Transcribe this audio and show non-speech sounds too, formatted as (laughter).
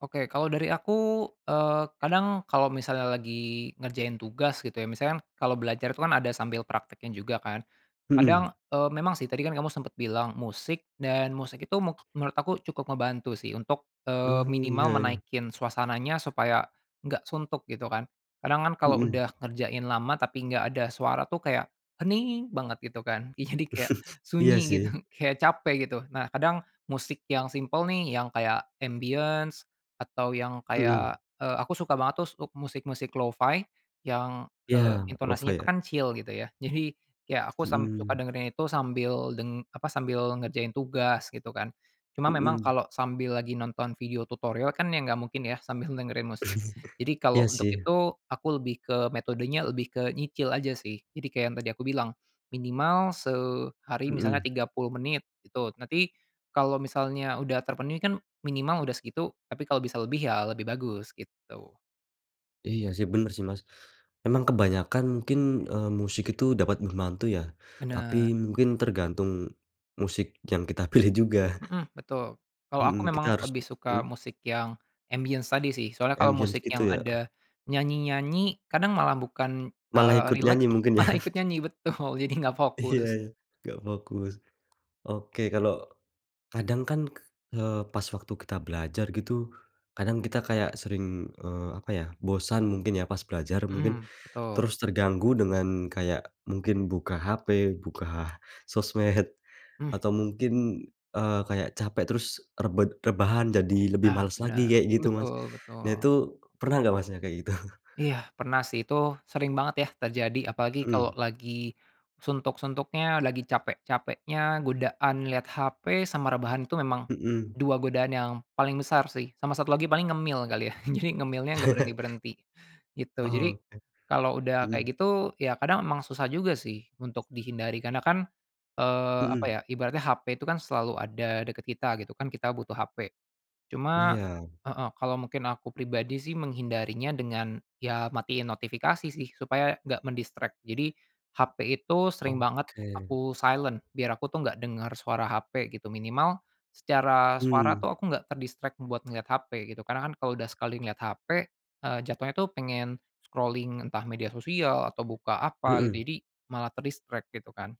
Oke kalau dari aku, eee, kadang kalau misalnya lagi ngerjain tugas gitu ya, misalkan kalau belajar itu kan ada sambil prakteknya juga kan, Mhm. kadang, e memang sih tadi kan kamu sempet bilang musik dan musik itu me menurut aku cukup ngebantu sih untuk, eee, Mmm, iya minimal iya. menaikkan suasananya supaya enggak suntuk, gitu kan. Kadang kan kalau Mhm. udah ngerjain lama tapi enggak ada suara tuh kayakm hening banget gitu kan, ih jadi kayak, (chuckles) Iya sunyi gitu sih. kayak capek gitu. Nah kadang, musik yang simpel nih yang kayak ambience atau yang Mhm. kayak, eee, aku suka banget tuh untuk musik-musik lo-fi yang, Iya eee, lo-fi intonasinya tuh ya. kecil gitu ya, jadi ya aku sam sangat suka Mhm. dengerin itu sambil deng apa, sambil ngerjain tugas, gitu kan. Cuma memang Mhm. kalau sambil lagi nonton video tutorial kan ya nggak mungkin ya sambil dengerin musik. (chuckles) Jadi kalau Iya untuk sih. itu, aku lebih ke metodenya lebih ke nyicil aja sih. Jadi kayak yang tadi aku bilang, minimal sehari misalnya Mhm. 30 menit, gitu. Nanti, kalau misalnya udah terpenuhi kan, minimal udah segitu, tapi kalau bisa lebih ya lebih bagus, gitu. Iya sih benar sih Mas, memang kebanyakan mungkin, eee, musik itu dapat membantu ya, tapi Benar. mungkin tergantung musik yang kita pilih juga. Mhm, betul. Kalau aku Hmm, kita memang harus lebih suka mhm. musik yang ambience tadi sih. Soalnya kalau Ambience musik gitu yang ya. ada nyanyi-nyanyi, kadang malah bukan, Malah eee, ikut rileks nyanyi mungkin ya. malah ikut nyanyi betul, jadi nggak Iya fokus. ya. Nggak fokus. Oke kalo, kadang kan, k eee, pas waktu kita belajar gitu, kadang kita kayak sering, eee, apa ya, bosan mungkin ya pas belajar mungkin. Mhm, betul. Terus terganggu dengan kayak, mungkin buka HP, buka sosmed, atau Mhm. mungkin, eee, kayak capek, terus rebed rebahan jadi lebih Nah males lagi benar. kayak gitu, Mas. Betul Nah betul. itu pernah nggak Masnya kayak gitu? Iya, pernah sih itu, sering banget ya terjadi apalagi kalau Mhm. lagi suntuk-suntuknya, lagi capek-capeknya, godaan lihat HP sama rebahan itu memang, Mhm. 2 godaan yang paling besar sih. Sama satu lagi paling ngemil kali ya, jadi, ngemilnya enggak (chuckles) berhenti-berhenti, gitu. Jadi Oke, kalau udah mhm. kayak gitu ya kadang emang susah juga sih, untuk dihindari. Karena kan, eee, apa Mhm. ya, ibaratnya HP itu kan selalu ada dekat kita gitu kan kita butuh HP. Cuma Iya. heeh, kalau mungkin aku pribadi sih menghindarinya dengan ya matiin notifikasi sih, supaya enggak men-distract. Jadi HP itu sering banget Oke. aku silent, biar aku tuh enggak dengar suara HP gitu, minimal secara suara Mhm. tuh aku enggak ter-distract buat ngelihat HP, gitu, karena kan, kalau udah sekali ngelihat HP, eee, jatuhnya tuh pengen scrolling entah media sosial, atau buka apa, Mhm. jadi, malah ter-distract, gitu kan.